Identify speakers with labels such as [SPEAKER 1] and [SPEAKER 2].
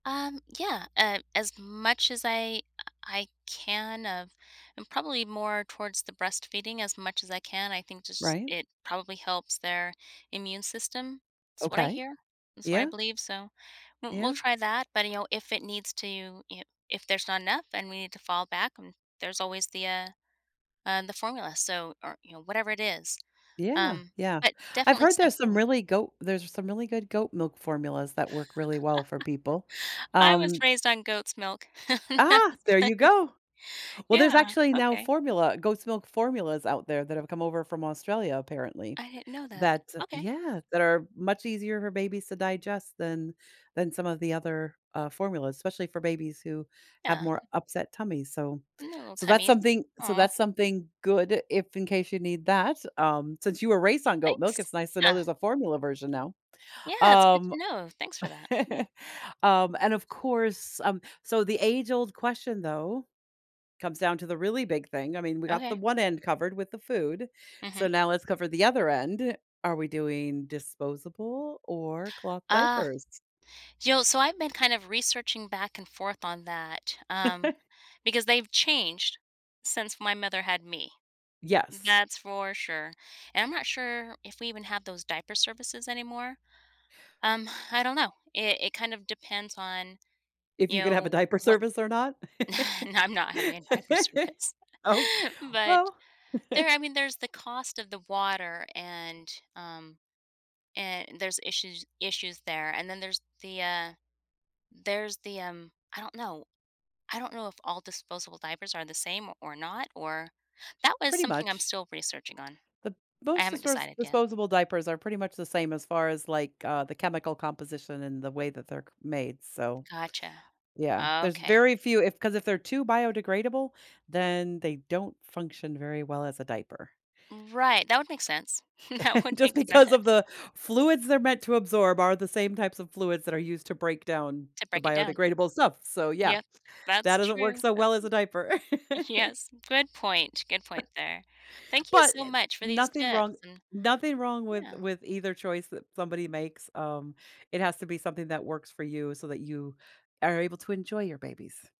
[SPEAKER 1] Um, yeah, uh, as much as I, uh, I can of and probably more towards the breastfeeding as much as I can. I think just
[SPEAKER 2] Right?
[SPEAKER 1] it probably helps their immune system. It's what I
[SPEAKER 2] Okay.
[SPEAKER 1] hear. It's what I
[SPEAKER 2] Yeah.
[SPEAKER 1] believe. So w we'll
[SPEAKER 2] Yeah.
[SPEAKER 1] try that. But, you know, if it needs to you i if there's not enough and we need to fall back, um, there's always the, uh, uh, the formula. So or, you know, whatever it is,
[SPEAKER 2] Yeah.
[SPEAKER 1] um,
[SPEAKER 2] Yeah.
[SPEAKER 1] but
[SPEAKER 2] I've
[SPEAKER 1] definitely
[SPEAKER 2] heard there's some
[SPEAKER 1] something.
[SPEAKER 2] really goat there's some really good goat milk formulas that work really well for people,
[SPEAKER 1] I was
[SPEAKER 2] um
[SPEAKER 1] raised on goat's milk. That's
[SPEAKER 2] Ah, there
[SPEAKER 1] funny.
[SPEAKER 2] you go! Well, there's
[SPEAKER 1] Yeah.
[SPEAKER 2] actually now
[SPEAKER 1] Okay.
[SPEAKER 2] formula goat's milk formulas out there that have come over from Australia, apparently,
[SPEAKER 1] I didn't know that.
[SPEAKER 2] that
[SPEAKER 1] Okay.
[SPEAKER 2] yeah, that are much easier for babies to digest than than some of the other, uh, formulas, especially for babies who have
[SPEAKER 1] Yeah.
[SPEAKER 2] more upset tummies, so
[SPEAKER 1] Little
[SPEAKER 2] so that's
[SPEAKER 1] tummies.
[SPEAKER 2] something so
[SPEAKER 1] Aw.
[SPEAKER 2] that's something good if in case you need that, um, since you were raised on goat milk,
[SPEAKER 1] Thanks.
[SPEAKER 2] it's nice to know
[SPEAKER 1] Yeah.
[SPEAKER 2] there's a formula version now,
[SPEAKER 1] Yeah. It's good
[SPEAKER 2] um
[SPEAKER 1] to know. Thanks for that. Yeah.
[SPEAKER 2] Um, and, of course, um, so the age-old question, though, comes down to the really big thing. I mean, we got the
[SPEAKER 1] Okay.
[SPEAKER 2] one end covered with the food, so
[SPEAKER 1] Mhm.
[SPEAKER 2] now let's cover the other end. Are we doing disposable or cloth
[SPEAKER 1] Uh,
[SPEAKER 2] diapers?
[SPEAKER 1] yo, so I've been kind of researching back and forth on that, um, because they've changed since my mother had me, mm,
[SPEAKER 2] Yes.
[SPEAKER 1] that's for sure. And I'm not sure if we even have those diaper services anymore, um, I don't know. It it kind of depends on,
[SPEAKER 2] If
[SPEAKER 1] you
[SPEAKER 2] you could have a
[SPEAKER 1] know,
[SPEAKER 2] diaper
[SPEAKER 1] what
[SPEAKER 2] service or not?
[SPEAKER 1] no, I'm not having a diaper service,
[SPEAKER 2] Oh,
[SPEAKER 1] but
[SPEAKER 2] well
[SPEAKER 1] There I mean, there's the cost of the water, and, um, and there's issues issues there. And then there's the, uh, there's the, um, I don't know. I don't know if all disposable diapers are the same o or not or that was
[SPEAKER 2] Pretty
[SPEAKER 1] something I'm
[SPEAKER 2] much.
[SPEAKER 1] still researching on.
[SPEAKER 2] The
[SPEAKER 1] I
[SPEAKER 2] most
[SPEAKER 1] haven't
[SPEAKER 2] disperse
[SPEAKER 1] decided yet.
[SPEAKER 2] disposable diapers are pretty much the same as far as, like, uh, the chemical composition and the way that they're c made, so
[SPEAKER 1] Gotcha.
[SPEAKER 2] Yeah, there's
[SPEAKER 1] Okay.
[SPEAKER 2] very few if 'cause if they're too biodegradable, then they don't function very well as a diaper.
[SPEAKER 1] Right. That would make sense. That would
[SPEAKER 2] Just
[SPEAKER 1] make
[SPEAKER 2] because of
[SPEAKER 1] sense.
[SPEAKER 2] the fluids they're meant to absorb are the same types of fluids that are used to break down
[SPEAKER 1] To
[SPEAKER 2] the
[SPEAKER 1] break it down.
[SPEAKER 2] biodegradable stuff. So, yeah,
[SPEAKER 1] Yep.
[SPEAKER 2] that
[SPEAKER 1] That's
[SPEAKER 2] doesn't work
[SPEAKER 1] true.
[SPEAKER 2] so
[SPEAKER 1] That's
[SPEAKER 2] well as
[SPEAKER 1] true.
[SPEAKER 2] a diaper.
[SPEAKER 1] Yes. Good point. Good point there. Thank you
[SPEAKER 2] But
[SPEAKER 1] so
[SPEAKER 2] it's
[SPEAKER 1] much for these
[SPEAKER 2] nothing
[SPEAKER 1] tips
[SPEAKER 2] wrong
[SPEAKER 1] and
[SPEAKER 2] nothing wrong with
[SPEAKER 1] yeah.
[SPEAKER 2] with either choice that somebody makes, um, it has to be something that works for you so that you are able to enjoy your babies.